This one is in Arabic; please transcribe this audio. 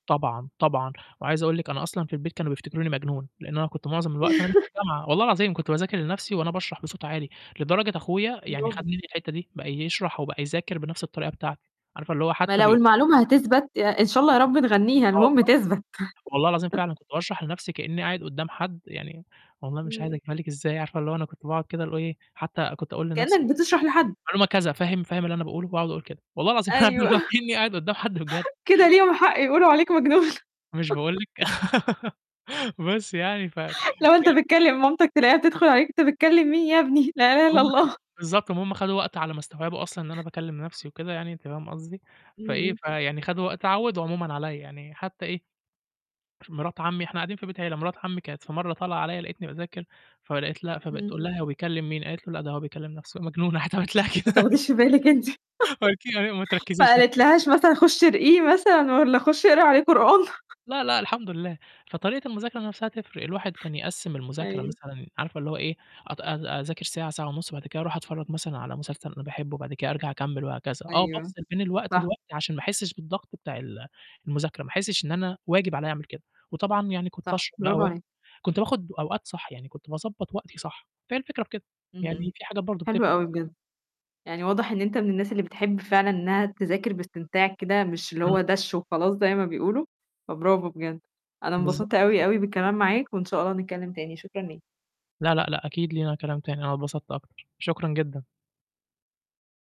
طبعًا، طبعًا وعايز أقول لِك أنا أصلًا في البيت كانوا بيفتكروني مجنون لإنه أنا كنت معظم الوقت أنا مش في الجامعة. والله العظيم كنت بذاكر لنَفْسي وأنا باشرح بصوت عالي، لدرجة أخويا يعني خَد Bravo. مني الحتة دي، بقى يشرح أو بقى يذاكر بنَفْس الطريقة بتاعتي عارفة اللي هو ما حتى لو بي المعلومة هتثبت يع إن شاء الله يا رب نغنّيها آه المهم والله. تثبت. والله العظيم فعلًا كنت باشرح لنَفْسي كأني قاعد قدّام حد يعني والله مش عايز إمم. أجيبها لِك إزاي عارفة اللي هو أنا كنت باقعد كده، ال هو إيه، حتى كنت أقول لنَفْسي كأنك وبتاع، بتشرح لحد. معلومة كذا فاهم، فاهم اللي أنا باقوله؟ وأقعد أقول كده، والله العظيم أيوه. [unintelligible] وكأني قاعد قدّام حد بجد. كده ليهم حق يقولوا عليك مجنون. مش باقول لِك. بس يعني ف فهي الفكرة لا وأنت بتكلّم مامتك تلاقيها بتدخل عليك أنت بتكلّم مين يا ابني، لا إله إلّا هُم كانم الله. بالضبط ،ما هُم خَدوا وقت على ما استوعبوا أصلًا إن أنا باكّلم نَفْسي وكده يعني، أنتِ فاهمة قصدي، إمم، فإيه، إمم. فيعني خدوا وقت اتعوّدوا عمومًا عليّا، يعني حتى إيه، مِراة عمي إحنا قاعدين في بيت عيلة، مِراة عمي كانت في مرة طالعة عليّا لقيتني باذاكر فلقيت لأ فبقت إمم. تقول لها: "هو بيكلّم مين؟" قالت له: "لأ، ده هو بيكلّم نَفْسه، مجنون" راحت علمت لها ما كده. تاخديش في بالك أنتِ. [unintelligible] أيوه: "ما ما تركّزيش،" قالت لهاش [unintelligible] مثلًا خُشي ارقيه مثلًا والّا خُشي اقري عليه قرآن. لا، لأ، الحمد لله. فطريقة المذاكرة نَفْسها تفرق، الواحد كان يقّسم المذاكرة أيوه. مثلًا عارفة اللي هو إيه، أت أ أذاكر ساعة، ساعة ونُص، بعد كده أروح أتفرج مثلًا على مسلسل أنا باحبه، وبعد كده أرجع أكمل وهكذا. آه أيوه. بافصل بين الوقت صح. والوقت عشان ما أحسش بالضغط بتاع ال المذاكرة، ما أحسش إن أنا واجب عليّا أعمل كده، وطبعًا يعني كنت صح. أشرب بقى Bravo و عليك. كنت باخد أوقات صح، يعني كنت باضبّط وقتي صح. فهي الفكرة في كده، إمم، يعني إمم. فيه حاجات برضو حلو بتفرق. أوي بجد. يعني واضح إن أنت من الناس اللي بتحب فعلًا إنها تذاكر باستمتاع كده، مش اللي إمم. هو دَش وخلاص زي ما بيقولوا، فBravo بجد. أنا بالضبط. اتبسطت بالضبط. أوي، أوي بالكلام معاك، وإن شاء الله نتكلّم تاني، شكرًا ليك. لا، لأ، لأ أكيد لينا كلام تاني، أنا اتبسطت أكتر. شكرًا جدًا.